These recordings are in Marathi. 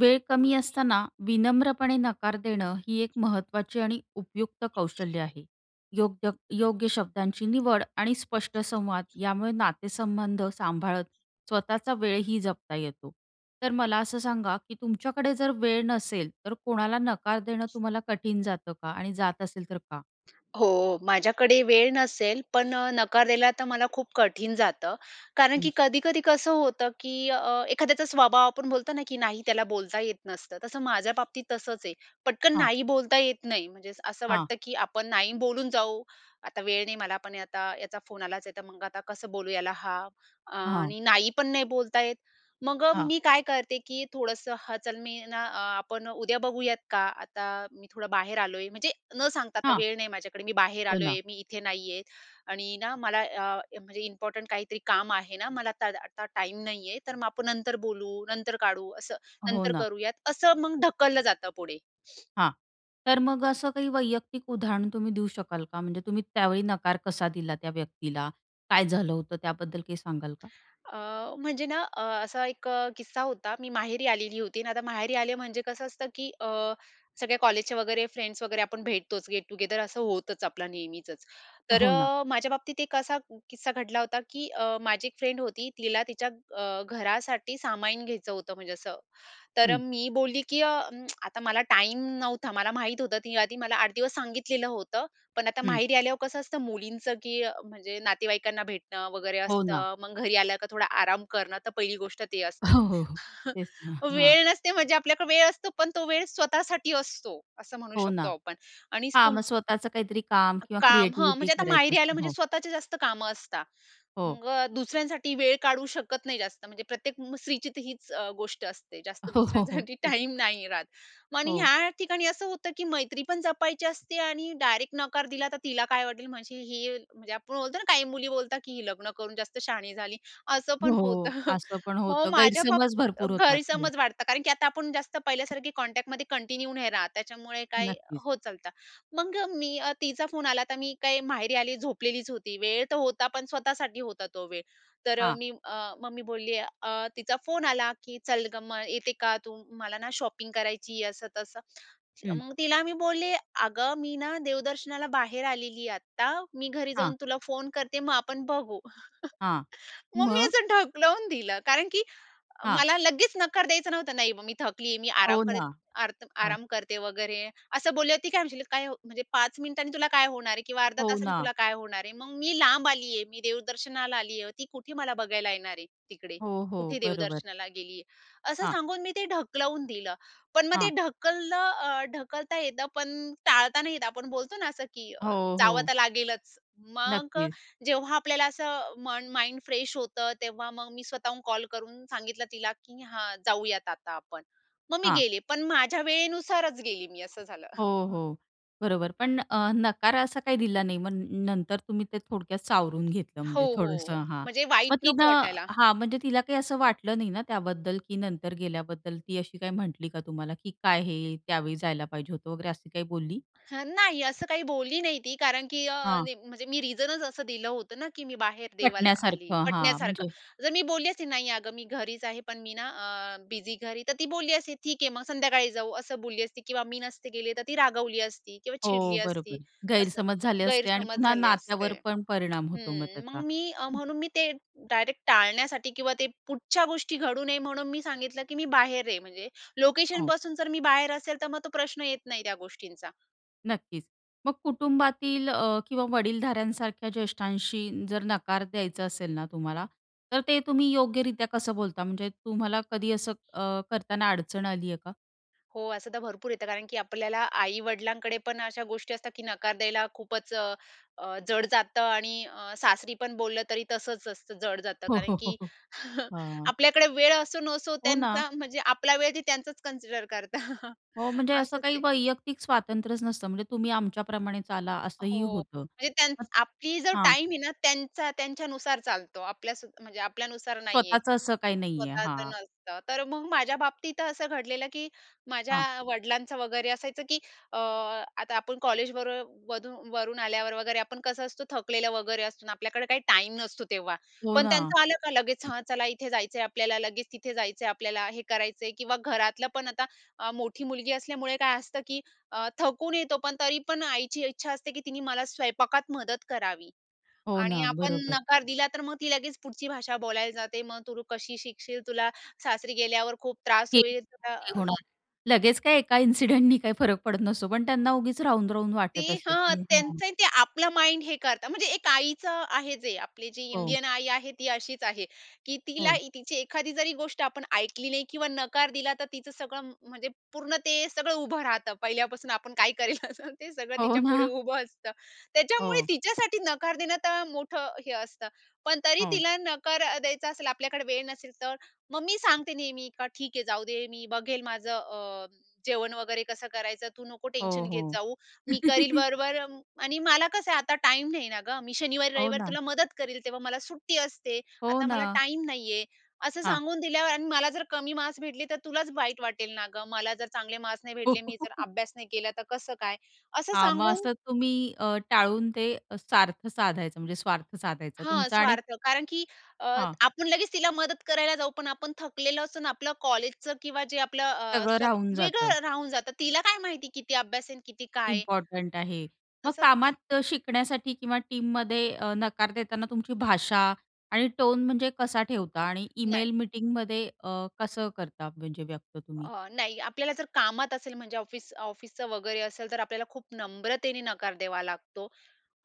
वेळ कमी असताना विनम्रपणे नकार देणं ही एक महत्वाची आणि उपयुक्त कौशल्य आहे. योग्य योग्य शब्दांची निवड आणि स्पष्ट संवाद यामुळे नातेसंबंध सांभाळत स्वतःचा वेळही जपता येतो. तर मला असं सांगा की तुमच्याकडे जर वेळ नसेल तर कोणाला नकार देणं तुम्हाला कठीण जातं का? आणि जात असेल तर का? हो, माझ्याकडे वेळ नसेल पण अ, नकार दिला तर मला खूप कठीण जातं. कारण की हं. कधी, कधी कसं होतं की अ, एखाद्याचा स्वभाव आपण बोलतो ना की नाही त्याला बोलता येत नसतं तसं माझ्या बाबतीत तसंच आहे. पटकन हां. नाही बोलता येत नाही म्हणजे असं हां. वाटतं की आपण नाही बोलून जाऊ. आता वेळ नाही मला पण आता याचा फोन आलाच आहे तर मग आता कसं बोलू याला हां, अ, हां. आणि नाही पण नाही बोलता येत मग हां. मी काय करते की थोडंसं हं, चल मी ना आपण उद्या बघूयात का आता मी थोडं बाहेर आलोय म्हणजे न सांगता आता हां. वेळ नाही माझ्याकडे मी बाहेर हो, ना. आलोय मी इथे नाहीये आणि ना मला अ, म्हणजे इम्पॉर्टंट काहीतरी काम आहे ना मला आता दा आता टाईम नाहीये तर मग आपण नंतर बोलू, नंतर काढू, असं हो, नंतर ना. करूयात असं मग ढकललं जातं पुढे. हां. तर मग असं काही वैयक्तिक उदाहरण तुम्ही देऊ शकाल का? म्हणजे तुम्ही त्यावेळी नकार कसा दिला त्या व्यक्तीला? काय झालं होतं त्याबद्दल काही सांगाल का? अ, म्हणजे ना अ, असा एक किस्सा होता मी माहेरी आलेली होती आणि आता माहेरी आले म्हणजे कसं असतं की अ, सगळ्या कॉलेजचे वगैरे फ्रेंड्स वगैरे आपण भेटतोच गेट टुगेदर असं होतच आपला नेहमीचच तर हो ना. अ, माझ्या बाबतीत एक असा किस्सा घडला होता की अ, माझी एक फ्रेंड होती तिला तिच्या अ, घरासाठी सामान घ्यायचं होतं म्हणजे असं तर हं. मी बोलली की अ, आता मला टाईम नव्हता मला माहित होतं आधी मला 8 दिवस सांगितलेलं होतं. पण आता हं. माहेरी आल्यावर कसं असतं मुलींचं की अ, म्हणजे नातेवाईकांना भेटणं वगैरे हो, ना. असतं मग घरी आल्यावर थोडा आराम करणं तर पहिली गोष्ट ती असते. हो, हो, हो, तेच ना हां. वेळ नसते म्हणजे आपल्याकडे वेळ असतो पण तो वेळ स्वतःसाठी असतो असं म्हणू हो शकतो ना. आपण. आणि हां स्पुंग मग स्वतःच काहीतरी काम किंवा काम हं, क्रिएटिव्हिटी म्हणजे आता करायचं माहेरी आलं असतं म्हणजे हो. स्वतःची जास्त कामं असतात हो. मग दुसऱ्यांसाठी वेळ काढू शकत नाही जास्त, म्हणजे प्रत्येक स्त्रीची तर हीच अ, गोष्ट असते जास्त हो, हो, दुसऱ्यांसाठी हो. टाईम नाही राहत. मग आणि हो. ह्या ठिकाणी असं होतं की मैत्री पण जपायची असते आणि डायरेक्ट नकार दिला तर तिला काय वाटेल म्हणजे ही म्हणजे आपण बोलतो ना काही मुली बोलतात की "ही लग्न करून जास्त शहाणी झाली" असं पण होतं, हो, असं पण मग होतं माझ्या बाबतीत गैरसमज भरपूर होतात. हं. गैरसमज वाटतं कारण की आता आपण जास्त पहिल्यासारखी कॉन्टॅक्टमध्ये कंटिन्यू नाही राहत, त्याच्यामुळे काय नक्कीच. होत चालतं मग मी तिचा फोन आला तर मी काय माहेरी आली, झोपलेलीच होती वेळ तर होता पण स्वतःसाठी होता तो वेळ तर हां. मी अ, मग मी बोलले अ, तिचा फोन आला की "चल गं मग येते का तू मला ना शॉपिंग करायची" असं तसं हं. मग तिला मी बोलले "अगं मी ना देवदर्शनाला बाहेर आलेली आहे आत्ता मी घरी हां. जाऊन तुला फोन करते मग आपण बघू," हां. मग मी मग? असं ढकलून दिलं. कारण की हां. मला लगेच नकार द्यायचं नव्हतं नाही मग "मी थकलीये मी आराम हो, करेत ना आर्त हां. आराम करते वगैरे" eeअसं बोलली. ती काय म्हणशील काय म्हणजे 5 मिनिटांनी तुला काय होणार आहे किंवा अर्ध्या हो तासाने ना. तुला काय होणार आहे. मग मी लांब आली आहे मी देवदर्शनाला आली आहे ती कुठे मला बघायला येणार आहे तिकडे हो, हो कुठे बरोबर. देवदर्शनाला गेली आहे. असं हां. सांगून मी ते ढकलवून दिलं पण मग ते हां. ढकललं, ढकलता येतं पण टाळता नाही येतं. आपण बोलतो ना असं की अ, हो, जावं हो. तर लागेलच मग नक्कीच. जेव्हा आपल्याला असं मन माइंड फ्रेश होतं तेव्हा मग मी स्वतःहून कॉल करून सांगितलं तिला की "हां जाऊयात आता आपण" मग मी हां. गेले पण माझ्या वेळेनुसारच गेली मी असं झालं. हो, हो बरोबर पण अ, नकार असा काही दिला नाही मग नंतर तुम्ही ते थोडक्यात सावरून घेतलं हो, म्हणजे थोडंसं हो हां म्हणजे वाईट मग नको तिनं वाटायला. हां म्हणजे तिला काही असं वाटलं नाही ना त्याबद्दल की नंतर गेल्याबद्दल ती अशी काही म्हटली का तुम्हाला, की काय हे त्यावेळी जायला पाहिजे होतं वगैरे अशी काही बोलली? हं, नाही असं काही बोलली नाही ती कारण की अ, हां. नाही म्हणजे मी रिझनच असं दिलं होतं ना, की मी बाहेर देवाला आली पटण्यासारखं हां पटण्यासारखं. म्हणजे जर मी बोलली असते "नाही अगं मी घरीच आहे पण मी ना अ, बिझी घरी" तर ती बोलली असती "ठीक आहे मग संध्याकाळी जाऊ" असं बोलली असती किंवा मी नसते गेली तर ती रागवली असती किंवा हो, चिडली बरोबर असती असं गैरसमज झाले असते आणि गैरसमज पुन्हा झाले नात्यावर असते. पण परिणाम होतो मग हं त्याचा. मग मी हं. म्हणून मी ते डायरेक्ट टाळण्यासाठी किंवा ते पुढच्या गोष्टी घडू नये म्हणून मी सांगितलं की मी बाहेर आहे म्हणजे हो. लोकेशनपासून जर मी बाहेर असेल तर मग तो प्रश्न येत नाही त्या गोष्टींचा. नक्कीच. मग कुटुंबातील अ, किंवा वडीलधाऱ्यांसारख्या ज्येष्ठांशी जर नकार द्यायचा असेल ना तुम्हाला, तर ते तुम्ही योग्यरीत्या कसं बोलता? म्हणजे तुम्हाला कधी असं अ, करताना अडचण आली आहे का? हो, असं तर भरपूर येतं. कारण की आपल्याला आई-वडिलांकडे पण अशा गोष्टी असतात, की नकार द्यायला खूपच अ, अ, जड जातं आणि अ, सासरीपण बोललं तरी तसंच असतं, जड जातं. हो, कारण हो, की हो. हां. आपल्याकडे वेळ असो नसो, हो ना. त्यांचा म्हणजे आपला वेळ ते त्यांचाच कन्सिडर करतात. हो, म्हणजे असं असंच काही आहे. वैयक्तिक स्वातंत्र्यच नसतं. म्हणजे तुम्ही आमच्याप्रमाणे चाला, असंही हो, होतं. म्हणजे त्यानं आपली जर हां. टाईम आहे ना, त्यांचा त्यांच्यानुसार चालतो. आपल्या स म्हणजे आपल्यानुसार नाही आहे. स्वतःचं असं काही नाही आहे, स्वतःचं हां. नसतं. तर मग माझ्या बाबतीत असं घडलेलं, की माझ्या हां. वडिलांचं वगैरे असायचं, की अ, आता आपण कॉलेजबरोबर वधू वरून आल्यावर वगैरे आपण कसं असतो, थकलेलं वगैरे असतो ना, आपल्याकडे काही टाईम नसतो. तेव्हा हो पण ना. त्यांचं आलं का लगेच, "हा चला, इथे जायचं आहे आपल्याला. लगेच तिथे जायचं आहे आपल्याला. हे करायचं आहे." किंवा घरातलं पण आता अ, मोठी मुलगी असल्यामुळे काय असतं, की अ, थकून येतो पण तरी पण आईची इच्छा असते, की तिने मला स्वयंपाकात मदत करावी हो आणि ना, आपण बरोबर. नकार दिला तर मग ती लगेच पुढची भाषा बोलायला जाते, "मग तू कशी शिकशील? तुला सासरी गेल्यावर खूप त्रास हे होईल," तुला [unintelligible] अ होणार, लगेच काही एका इन्सिडेंटनी काही फरक पडत नसतो, पण त्यांना उगीच राहून-राहून ते वाटत असतं, हं, की हं. त्यांचं ते आपलं माइंड हे करतात. म्हणजे एक आईचं आहे, जे आपली जी हो. इंडियन आई आहे ती अशीच आहे, की तिला हो. तिची एखादी जरी गोष्ट आपण ऐकली नाही किंवा नकार दिला तर तिचं सगळं म्हणजे पूर्ण ते सगळं उभं राहतं पहिल्यापासून. आपण काय करेल असं ते सगळं हो तिच्या पुढे ना. उभं असतं. त्याच्यामुळे हो. तिच्यासाठी नकार देणं तर मोठं हे असतं. पण तरी हो. तिला नकार अ, द्यायचा असेल, आपल्याकडे वेळ नसेल, तर मग मी सांगते नेहमी, का ठीक आहे जाऊ दे, मी बघेल माझं अ, जेवण वगैरे कसं करायचं. "तू नको हो, टेन्शन घेत हो. जाऊ. मी करील बरोबर आणि मला कसं आहे, आता टाईम नाही ना गं. मी हो शनिवारी-रविवारी ना. तुला मदत करेल. तेव्हा मला सुट्टी असते. हो आता ना. मला टाईम नाही आहे," असं हां. सांगून दिल्यावर आणि मला जर कमी मार्क्स भेटले तर तुलाच वाईट वाटेल ना गं. मला जर चांगले मार्क्स नाही भेटले, मी जर अभ्यास नाही केला, तर कसं काय? असं हां, मग सांगून असं तुम्ही अ, टाळून ते सार्थ साधायचं म्हणजे स्वार्थ साधायचं हां, तुमचं आणि स्वार्थ. कारण की अ, हां. आपण लगेच तिला मदत करायला जाऊ. पण आपण थकलेलं असून आपलं कॉलेजचं किंवा जे आपलं अ, सगळं स्व राहून जातं. वेगळं राहून जातं. तिला काय माहिती, किती अभ्यास आहे अन किती काय आहे. इम्पोर्टंट आहे. मग असं ते कामात शिकण्यासाठी किंवा टीममध्ये अ, नकार देताना तुमची भाषा आणि टोन म्हणजे कसा ठेवता आणि नाही. इमेल, मीटिंगमध्ये अ, कसं करता म्हणजे व्यक्त तुम्ही? अ, नाही. आपल्याला जर कामात असेल, म्हणजे ऑफिस ऑफिसचं वगैरे असेल, तर आपल्याला खूप नम्रतेने नकार द्यावा लागतो.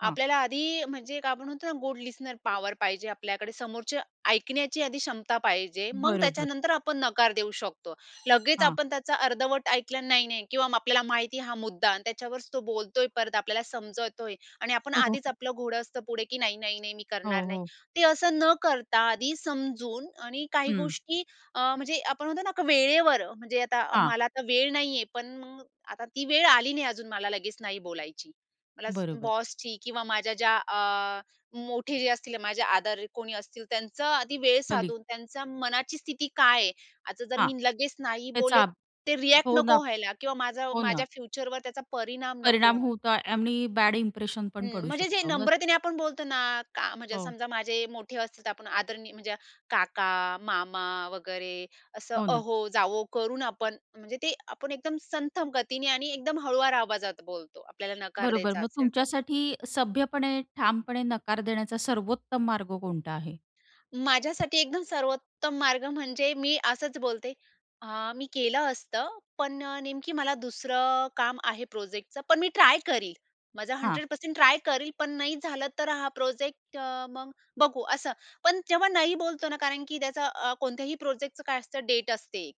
हां. आपल्याला आधी अ, म्हणजे काय आपण म्हणतो ना, गुड लिस्टनर पॉवर पाहिजे आपल्याकडे. समोरचं ऐकण्याची आधी क्षमता पाहिजे. मग बरोबर. त्याच्यानंतर आपण नकार देऊ शकतो. लगेच हां. आपण त्याचा अर्धवट ऐकला, नाही, नाही किंवा आपल्याला माहिती आहे हा मुद्दा आणि त्याच्यावरच तो बोलत आहे, परत आपल्याला समजवतोय आणि आपण आधीच आपलं घोडं असतं पुढे, की "नाही, नाही नाही, मी हो, करणार नाही." हो. ते असं न करता आधी समजून आणि काही हं. गोष्टी अ, म्हणजे आपण म्हणतो ना का, वेळेवर. म्हणजे आता हां. मला आता वेळ नाही आहे, पण मग आता ती वेळ आली नाही अजून मला लगेच नाही बोलायची. मला बरोबर. बॉसची किंवा माझ्या ज्या अ, मोठे जे असतील माझे आदर कोणी असतील, त्यांचं आधी वेळ कलीग. साधून त्यांच्या मनाची स्थिती काय आहे. आता जर हां. मी लगेच नाही त्याचा बोलले, अब ते रिएक्ट हो ना, नको व्हायला किंवा माझं हो ना. माझ्या फ्युचरवर त्याचा परिणाम नको परिणाम व्हायला. होतो आणि बॅड इंप्रेशन पण हं, पडू म्हणजे जे शकतो मग. नम्रतेने आपण बोलतो ना का, म्हणजे हो. समजा माझे मोठे असतील, तर आपण आदरणीय म्हणजे काका, मामा वगैरे असं हो ना. अहो-जावो करून आपण म्हणजे ते आपण एकदम संथ गतीने आणि एकदम हळुवार आवाजात बोलतो, आपल्याला नकार बरोबर. द्यायचा मग असेल तर. तुमच्यासाठी सभ्यपणे, ठामपणे नकार देण्याचा सर्वोत्तम मार्ग कोणता आहे? माझ्यासाठी एकदम सर्वोत्तम मार्ग म्हणजे मी असंच बोलते, "हं, मी केलं असतं. पण अ, नेमकी मला दुसरं काम आहे प्रोजेक्टचं. पण मी ट्राय करील. माझा हां. 100% ट्राय करील. पण नाही झालं तर हा प्रोजेक्ट अ, मग बघू," असं. पण जेव्हा नाही बोलतो ना, कारण की त्याचा अ, कोणत्याही प्रोजेक्टचं अ, काय असतं डेट असते,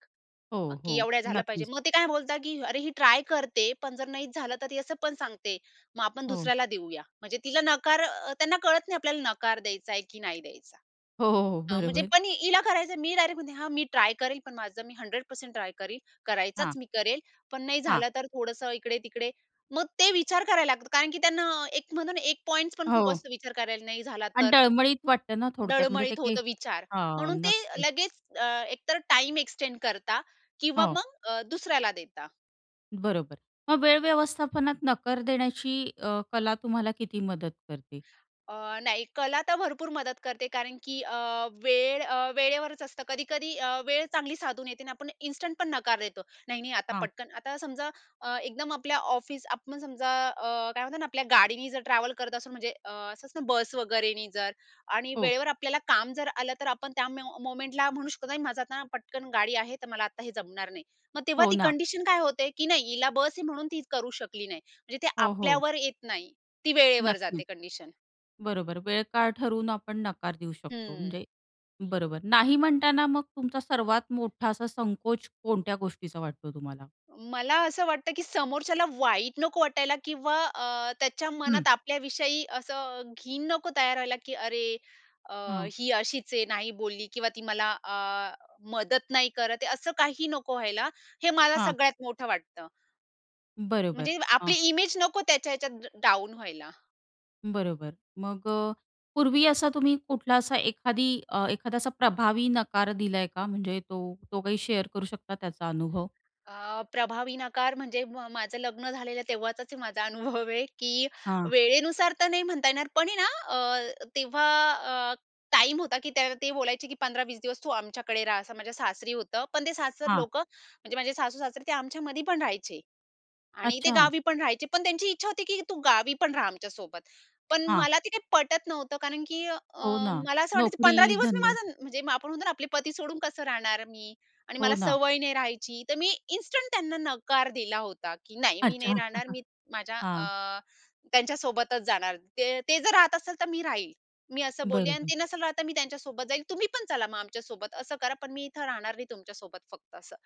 हो, की हो, एवढ्या झालं पाहिजे. नक्कीच. मग ते काय बोलतात, की "अरे, ही ट्राय करते पण जर नाही झालं तर ती असं पण सांगते, मग आपण हो. दुसऱ्याला देऊया." म्हणजे तिला नकार अ, त्यांना कळत नाही, आपल्याला नकार द्यायचा आहे की नाही द्यायचा. हो, हो, अ, म्हणजे बरोबर. पण हिला करायचं आहे. मी डायरेक्ट म्हणते, "हा, मी ट्राय करेल पण माझं मी 100% ट्राय करील. हां. करायचाच मी करेल, पण नाही हां. झालं तर थोडंसं इकडे-तिकडे." मग ते विचार करायला लागतात, कारण की त्यांना एक म्हणतो ना एक पॉइंट्स पण खूप हो. असतो विचार करायला, "नाही झाला आणि तर?" डळमळीत वाटतं ना, थोडक्यात म्हणजे ते डळमळीत काही होतं विचार, हां, म्हणून ते नक्कीच. लगेच अ, एकतर टाईम एक्सटेंड करता किंवा हो. मग अ, दुसऱ्याला देता. बरोबर. मग वेळ व्यवस्थापनात नकार देण्याची अ, कला तुम्हाला किती मदत करते? अ, नाही कला तर भरपूर मदत करते कारण, की अ, वेळ अ, वेळेवरच असतं. कधी-कधी अ, वेळ चांगली साधून येते आणि आपण इन्स्टंट पण नकार देतो. "नाही-नाही आता हां. पटकन" आता समजा अ, एकदम आपल्या ऑफिस आपण समजा अ, काय म्हणतात ना, आपल्या गाडीनी जर ट्रॅव्हल करत असू म्हणजे अ, असं असत ना, बस वगैरेने जर आणि हो. वेळेवर आपल्याला काम जर आलं तर, आपण त्या म्या मोमेंटला म्हणू शकत ना, की माझं आता पटकन गाडी आहे. तर मला आता हे जमणार नाही. मग तेव्हा हो ती ना. कंडिशन काय होते, की नाही हिला बस आहे म्हणून ती करू शकली नाही. म्हणजे ते हो, हो. आपल्यावर येत नाही. ती वेळेवर जाते नक्कीच. कंडिशन. बरोबर वेळ काळ ठरवून आपण नकार देऊ शकतो हं. म्हणजे बरोबर. नाही म्हणताना मग तुमचा सर्वात मोठा असा संकोच कोणत्या गोष्टीचा वाटतो तुम्हाला? मला असं वाटतं, की समोरच्याला वाईट नको वाटायला किंवा अ, त्याच्या हं. मनात आपल्याविषयी असं घीण नको तयार व्हायला, की "अरे! अ, हं. ही अशीच आहे नाही बोलली किंवा ती मला अ, मदत नाही करत आहे." असं काही नको व्हायला. हे मला हां. सगळ्यात मोठं वाटतं. बरोबर, म्हणजे आपली हां. इमेज नको त्याच्या ह्याच्यात ड डाउन व्हायला. बरोबर. मग अ, पूर्वी असा तुम्ही कुठला असा एखादी अ, एखादा असा प्रभावी नकार दिलाय का? म्हणजे तो तो काही शेअर करू शकता त्याचा अनुभव? अ, प्रभावी नकार म्हणजे म माझं लग्न झालेलं तेव्हाचाच हे माझा अनुभव आहे की हां. वेळेनुसार तर नाही म्हणता येणार पण ना अ, तेव्हा अ, टाईम होता की त्याव ते बोलायचे की "15-20 दिवस तू आमच्याकडे राहा," असं माझ्या सासरी होतं. पण ते सासर हां. लोकं म्हणजे माझे सासू-सासरे ते आमच्यामध्ये पण राहायचे. आणि ते अच्छा! गावी पण राहायचे. पण त्यांची इच्छा होती की "तू गावी पण राहा आमच्यासोबत." पण हां. मला ते काही पटत नव्हतं कारण की अ, हो ना, मला असं वाटायचं नोकरी, 15 दिवस मी धंदा. माझं म्हणजे आपण म्हणतो ना आपले पती सोडून कसं राहणार मी? आणि हो मला ना. सवय नाही राहायची, तर मी इन्स्टंट त्यांना नकार दिला होता की "नाही, मी अच्छा. नाही राहणार. मी माझ्या हां. अ, त्यांच्या सोबतच जाणार ते ते जर राहत असतील तर मी राहील." मी असं बोलली अन् बरोबर. "ते नसेल राहत, तर मी त्यांच्यासोबत जाईल. तुम्ही पण चला मग आमच्यासोबत. असं करा. पण मी इथे राहणार नाही तुमच्यासोबत फक्त असं."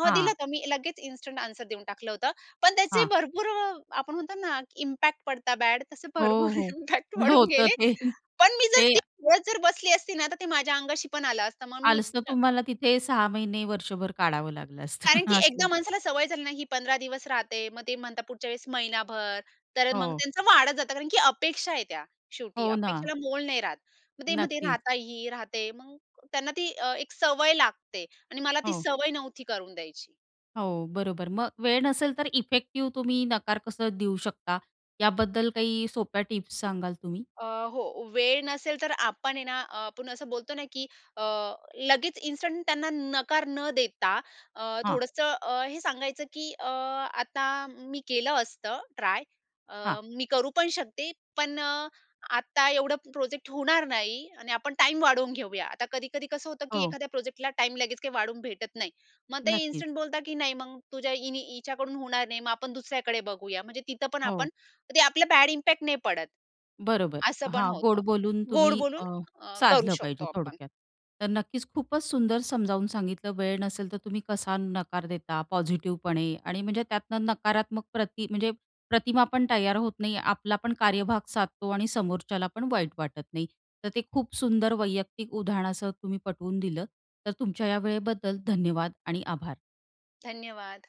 हां, दिलं हां. तर मी लगेच इन्स्टंट आन्सर देऊन टाकलं होतं. पण त्याचे हां. भरपूर आपण म्हणतो ना इम्पॅक्ट पडता बॅड तसे हो, भरपूर हो. इम्पॅक्ट पडून होतं गेले. ते. पण मी जर ते ती [unintelligible] जर बसली असती ना तर ते माझ्या अंगाशी पण आलं असतं, मग मी आलच तर अ तुम्हाला तिथे 6 महिने, वर्षभर काढावं लागलं असतं. कारण की असं एकदा माणसाला सवय झाली नाही ही 15 दिवस राहते, मग ते म्हणतात पुढच्या वेळेस महिनाभर तर मग हो. त्यांचं वाढत जातं. कारण की अपेक्षा आहे त्या शेवटी. हो ना. अपेक्षेला मोल नाही राहत. मग ते मते नक्कीच. राहता ही राहते मग त्यांना ती अ, एक सवय लागते आणि मला ती हो. सवय नव्हती करून द्यायची. हो, बरोबर मग वेळ नसेल तर इफेक्टिव्ह तुम्ही नकार कसं देऊ शकता याबद्दल काही सोप्या टिप्स सांगाल तुम्ही? अ, हो, वेळ नसेल तर आपण आहे ना, अ, आपण असं बोलतो ना, की अ, लगेच इन्स्टंट त्यांना नकार न देता अ, हां. थोडंसं अ, हे सांगायचं, की "अ, आता मी केलं असतं ट्राय अ, हां. मी करू पण शकते. पण अ, आता एवढं प्रोजेक्ट होणार नाही आणि आपण टाईम वाढवून घेऊया." आता कधी-कधी कसं होतं, की हो. एखाद्या प्रोजेक्टला टाईम लगेच काही वाढून भेटत नाही. मग ते नक्कीच. इन्स्टंट बोलतात, की "नाही, मग तुझ्या हिनी हिच्याकडून होणार नाही मग आपण दुसऱ्याकडे बघूया" म्हणजे तिथं पण आपण हो. ते आपलं बॅड इम्पॅक्ट नाही पडत, बरोबर, असं पण हां, गोड होतं. बोलून गोड तुम्ही बोलून अ, करू अ, साधलं शकतो पाहिजे आपण. थोडक्यात. तर नक्कीच खूपच सुंदर समजावून सांगितलं वेळ नसेल तर तुम्ही कसा नकार देता पॉझिटिव्हपणे आणि म्हणजे त्यातनं नकारात्मक प्रती म्हणजे प्रतिमा पण तयार होत नाही आपला पण कार्यभाग साधतो आणि समोरच्याला पण वाईट वाटत नाही. तर ते खूप सुंदर वैयक्तिक उदाहरणासह तुम्ही पटवून दिलं, तर तुमच्या या वेळेबद्दल धन्यवाद आणि आभार. धन्यवाद.